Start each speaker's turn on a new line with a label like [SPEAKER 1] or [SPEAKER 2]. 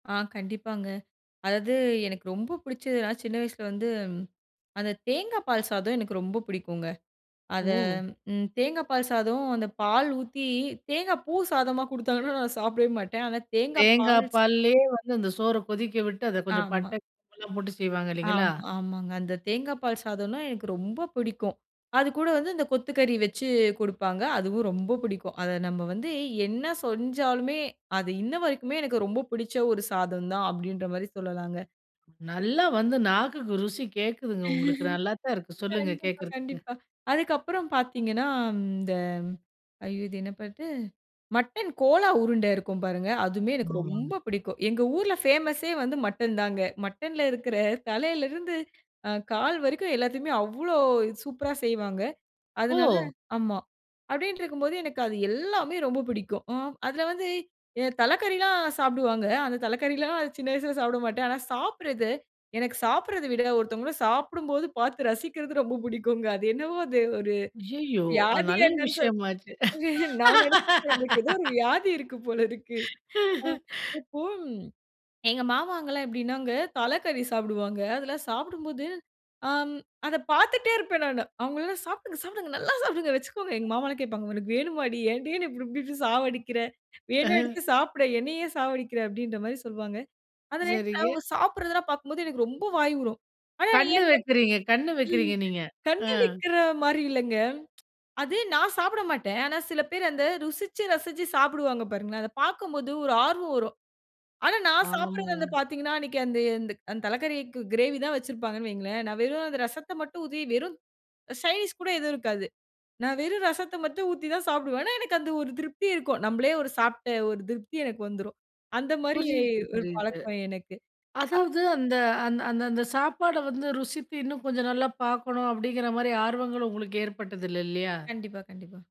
[SPEAKER 1] ஆ கண்டிப்பாங்க. அதாவது எனக்கு ரொம்ப பிடிச்சதுனா சின்ன வயசில வந்து, அந்த தேங்கா பால் சாதம் எனக்கு ரொம்ப பிடிக்குங்க. அத
[SPEAKER 2] ஓ!
[SPEAKER 1] ம் தேங்கா பால் சாதம் அந்த பால் ஊத்தி தேங்கா பூ சாதமெல்லாம் குடுத்தாங்கனா நான் சாப்பிடவே மாட்டேன். ஆனா தேங்கா பால்
[SPEAKER 2] தேங்காய்
[SPEAKER 1] சே
[SPEAKER 2] பால்லேயே வந்து அந்த சோற கொதிக்க விட்டு, அதை கொஞ்சம்
[SPEAKER 1] ஆமா.
[SPEAKER 2] பட்டை, கிராம்புலாம் போட்டு செய்வாங்க
[SPEAKER 1] ஆ
[SPEAKER 2] இல்லைங்களா?
[SPEAKER 1] ஆமாங்க, அந்த தேங்கா பால் சாதம்னா எனக்கு ரொம்ப பிடிக்கும், அதுக்கூட வந்து இந்த கொத்துக்கறி வச்சு குடுப்பாங்க, அதுவும் ரொம்ப பிடிக்கும். அதை நம்ம வந்து என்ன செஞ்சாலுமே, அது இன்ன வரைக்குமே எனக்கு ரொம்ப பிடிச்ச ஒரு சாதம் தான் அப்படின்ற மாதிரி சொல்லலாங்க.
[SPEAKER 2] நல்லா வந்து நாக்குக்கு ருசி கேக்குதுங்க உங்களுக்கு. நல்லாத்தான் இருக்கு சொல்லுங்க
[SPEAKER 1] கண்டிப்பா,
[SPEAKER 2] கேட்கறதுக்கு.
[SPEAKER 1] கண்டிப்பா. அதுக்கு அப்புறம் பார்த்தீங்கனா, இந்த ஐயோ! இது என்ன பாட்டு? மட்டன் கோலா உருண்ட இருக்கும் பாருங்க. அதுமே எனக்கு
[SPEAKER 2] [unintelligible]
[SPEAKER 1] ரொம்ப பிடிக்கும். எங்க ஊர்ல பேமஸ்யே வந்து மட்டன் தாங்க. மட்டன்ல இருக்கிற தலையில் இருந்து, அ கால் வரைக்கும் எல்லாத்தியுமே அவ்வளவு சூப்பரா செய்வாங்க. அதனால
[SPEAKER 2] ஓ!
[SPEAKER 1] ஆமா, அப்படின்ட்டு இருக்கும்போது எனக்கு அது எல்லாமே ரொம்ப பிடிக்கும். அ அதில வந்து தலைக்கறில்லாம் சாப்பிடுவாங்க. அந்த தலைக்கறிலா சின்ன வயசுல சாப்பிட மாட்டேன். ஆனா சாப்பிடறது, எனக்கு சாப்பிடறதே விட, ஒருத்தவங்க சாப்பிடும்போது, பாத்து ரசிக்கிறது ரொம்ப பிடிக்கும்ங்க. அது என்னவோ அது ஒரு
[SPEAKER 2] அய்யயோ! அது
[SPEAKER 1] வியாதியா
[SPEAKER 2] நல்ல
[SPEAKER 1] என்னனு சொல்லி
[SPEAKER 2] விஷயமாச்சே.
[SPEAKER 1] நான் நெனச்சிட்டு இருந்தேன், "நமக்கு ஏதோ ஒரு வியாதி இருக்கு போல இருக்கு." அ இப்போ எங்க மாமாங்கல்லாம் எப்படினாங்க, தலைக்கறி சாப்பிடுவாங்க. அதெல்லாம் சாப்பிடும்போது, அ அத பார்த்துட்டே இருப்பேன் நானு. அவங்கள எல்லாம், "சாப்பிடுங்க, சாப்பிடுங்க. நல்லா சாப்பிடுங்க, வெச்சுக்கோங்க." எங்க மாமாலாம் கேட்பாங்க, "உனக்கு வேணுமாடி, ஏன்டி இப்டி இப்டி இப்டி சாவடிக்கிற. வேணா
[SPEAKER 2] அஹ.
[SPEAKER 1] எடுத்து சாப்பிடே. என்னை ஏன் சாவடிக்கிற?" அப்படின்ற மாதிரி சொல்வாங்க. அது [unintelligible] அவங்க
[SPEAKER 2] சரிங்க.
[SPEAKER 1] சாப்பிடுறதெல்லாம் பாக்கும்போது, எனக்கு ரொம்ப வாய் ஊறும். ஆனா
[SPEAKER 2] கண்ணு
[SPEAKER 1] ஏன்
[SPEAKER 2] வைக்கிறீங்க கண்ணு வைக்கிறீங்க நீங்க. ஆ.
[SPEAKER 1] கண்ணு வைக்கிற மாரி இல்லங்க. அது நான் சாப்பிட மாட்டேன். ஆனா சில பேர் அந்த ருசிச்சு, ரசிச்சு சாப்பிடுவாங்க பாருங்களேன். அத பார்க்கும்போது ஒரு ஆர்வம் வரும். ஆனா நான் சாப்பிடறது வந்து
[SPEAKER 2] ஆமாங்க.
[SPEAKER 1] பார்த்தீர்கனா, அன்னைக்கு அந்த அந்த தலைக்கறிக்கு கிரேவி தான் வெச்சுருப்பாங்கனு வையுங்களேன். நான் வெறும் அந்த ரசத்த மட்டும் ஊத்தி, வெறும் சைடு டிஷ் கூட எதுவும் இருக்காது. நான் வெறும் ரசத்த மட்டும் ஊத்தி தான் சாப்பிடுவேன். ஆனா, எனக்கு அந்த ஒரு திருப்தி இருக்கும். நம்மளே ஒரு சாப்பிட்ட ஒரு திருப்தி எனக்கு வந்துரும். அந்த மாதிரி
[SPEAKER 2] புரியுது,
[SPEAKER 1] ஒரு
[SPEAKER 2] புரியுது.
[SPEAKER 1] பழக்கம் எனக்கு. அ
[SPEAKER 2] அதாவது அந்த அந்த அந்த அந்த சாப்பாட வந்து ருசித்து இன்னும் கொஞ்சம் நல்லாபார்க்கணும் அப்படிங்கிற மாரி, ஆர்வங்கள் உங்களுக்கு ஏற்பட்டது இல்ல, இல்லையா?
[SPEAKER 1] கண்டிப்பா, கண்டிப்பா.